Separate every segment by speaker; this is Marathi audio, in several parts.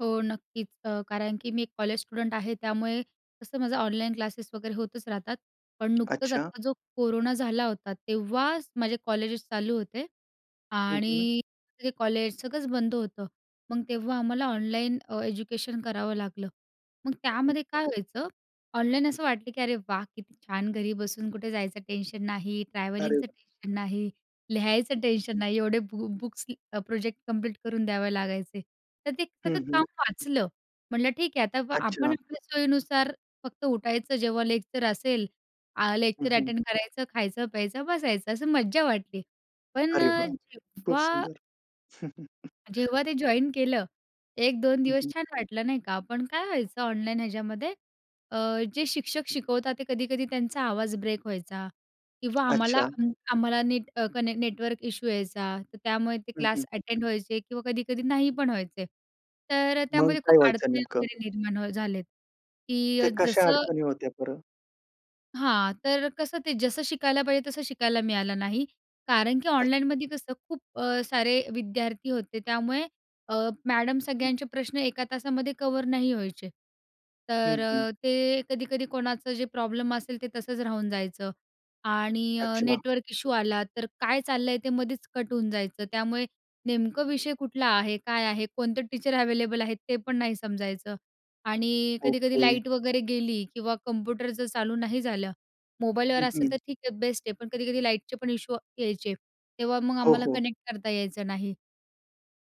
Speaker 1: हो, नक्कीच अ, कारण की मी एक कॉलेज स्टुडंट आहे. त्यामुळे तसं माझं ऑनलाईन क्लासेस वगैरे होतच राहतात. पण नुकतंच
Speaker 2: अच्छा.
Speaker 1: आत्ता जो कोरोना झाला होता, तेव्हाच माझे कॉलेजेस चालू होते
Speaker 2: हं, हं.
Speaker 1: आणि ते कॉलेज सगळंच बंद होतं. मग तेव्हा आम्हाला ऑनलाईन अ, एज्युकेशन करावं लागलं. मग त्यामध्ये काय व्हायचं, ऑनलाईन असं वाटलं की अरे वाह! किती छान घरी बसून कुठे जायचं टेन्शन नाही,
Speaker 2: अरे
Speaker 1: ट्रॅव्हलिंगचं
Speaker 2: वाह!
Speaker 1: टेन्शन नाही,
Speaker 2: हं.
Speaker 1: लिहायचं टेन्शन नाही एवढे बु बुक्स की प्रोजेक्ट कंप्लीट करून द्यावे लागायचे. तर ते
Speaker 2: हं,
Speaker 1: सगळं
Speaker 2: हं.
Speaker 1: काम वाचलं म्हटलं ठीक आहे आता आपण
Speaker 2: अच्छा.
Speaker 1: आपल्या सोयीनुसार फक्त उठायचं, जेव्हा लेक्चर असेल आ
Speaker 2: हं,
Speaker 1: लेक्चर
Speaker 2: हं.
Speaker 1: अटेंड करायचं, खायचं, प्यायचं, बसायचं. असं मज्जा वाटली. पण
Speaker 2: अरे
Speaker 1: अ,
Speaker 2: वाह! खूप
Speaker 1: जेव्हा
Speaker 2: सुंदर.
Speaker 1: जेव्हा ते जॉइन केलं, 1-2
Speaker 2: हं,
Speaker 1: दिवस
Speaker 2: हं.
Speaker 1: छान वाटलं नाही का. पण काय व्हायचं ऑनलाईन ह्याच्यामध्ये अ, जे शिक्षक शिकवतात ते कधी-कधी त्यांचा आवाज ब्रेक व्हायचा किंवा आम्हाला
Speaker 2: अच्छा.
Speaker 1: अ, आम्हाला नीट कनेक्ट नेटवर्क इशू यायचा, तर त्यामुळे ते
Speaker 2: हं, हं.
Speaker 1: क्लास अटेंड व्हायचे किंवा कधी-कधी नाही पण व्हायचे. तर अ,
Speaker 2: मग
Speaker 1: त्यामध्ये खूप
Speaker 2: काय व्हायचं
Speaker 1: अडचणी
Speaker 2: नेमकं?
Speaker 1: वगैरे निर्माण अ, झालेत
Speaker 2: ते
Speaker 1: की
Speaker 2: कशा
Speaker 1: जसं
Speaker 2: अडचणी होत्या बरं?
Speaker 1: हां, तर कसं ते जसं शिकायला पाहिजे तसं शिकायला मिळालं नाही. कारण की
Speaker 2: अच्छा.
Speaker 1: ऑनलाईनमध्ये कसं खूप अ, सारे विद्यार्थी होते, त्यामुळे अ, मॅडम सगळ्यांचे प्रश्न एका तासामध्ये कव्हर नाही व्हायचे.
Speaker 2: हं,
Speaker 1: तर
Speaker 2: हं.
Speaker 1: अ, ते कधी-कधी कोणाचं जे प्रॉब्लेम असेल, ते तसंच राहून जायचं आणि अ,
Speaker 2: अच्छा.
Speaker 1: नेटवर्क इशू आला, तर काय चाललं आहे ते मध्येच कट होऊन जायचं. त्यामुळे नेमकं विषय कुठला आहे? काय आहे? कोणते टीचर अव्हेलेबल आहेत? ते पण नाही समजायचं. आणि कधी-कधी
Speaker 2: ओके.
Speaker 1: लाईट वगैरे गेली किंवा कंप्युटर जर चालू नाही झालं. मोबाईलवर
Speaker 2: हं,
Speaker 1: असेल
Speaker 2: हं.
Speaker 1: तर ठीक आहे, बेस्ट आहे, पण कधी-कधी लाईटचे पण इशू वा यायचे. तेव्हा मग
Speaker 2: हो,
Speaker 1: आम्हाला
Speaker 2: हो.
Speaker 1: कनेक्ट करता यायचं नाही.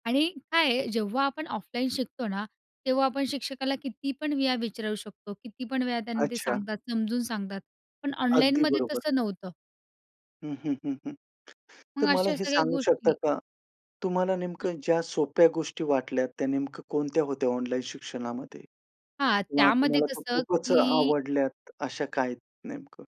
Speaker 1: आणि काय आहे जेव्हा आपण ऑफलाईन शिकतो ना, तेव्हा आपण शिक्षकाला किती पण वेळा विचारू शकतो किती पण वेळा त्यांना ते
Speaker 2: अच्छा.
Speaker 1: सांगतात, समजून सांगतात. पण
Speaker 2: अगदी
Speaker 1: ऑनलाईनमध्ये
Speaker 2: बरोबर.
Speaker 1: तसं नव्हतं.
Speaker 2: हं, हं, हं, हं.
Speaker 1: मग
Speaker 2: तर मला
Speaker 1: अशा
Speaker 2: हे
Speaker 1: सगळ्या
Speaker 2: सांगू शकता
Speaker 1: गोष्टी
Speaker 2: का? तुम्हाला नेमकं ज्या सोप्या गोष्टी वाटल्या त्या नेमकं कोणत्या होत्या ऑनलाईन शिक्षणामध्ये
Speaker 1: हां,
Speaker 2: किंवा
Speaker 1: त्यामध्ये
Speaker 2: तुम्हाला त्या
Speaker 1: कसं
Speaker 2: खूपच
Speaker 1: की
Speaker 2: आवडल्यात, अशा काही नेमकं?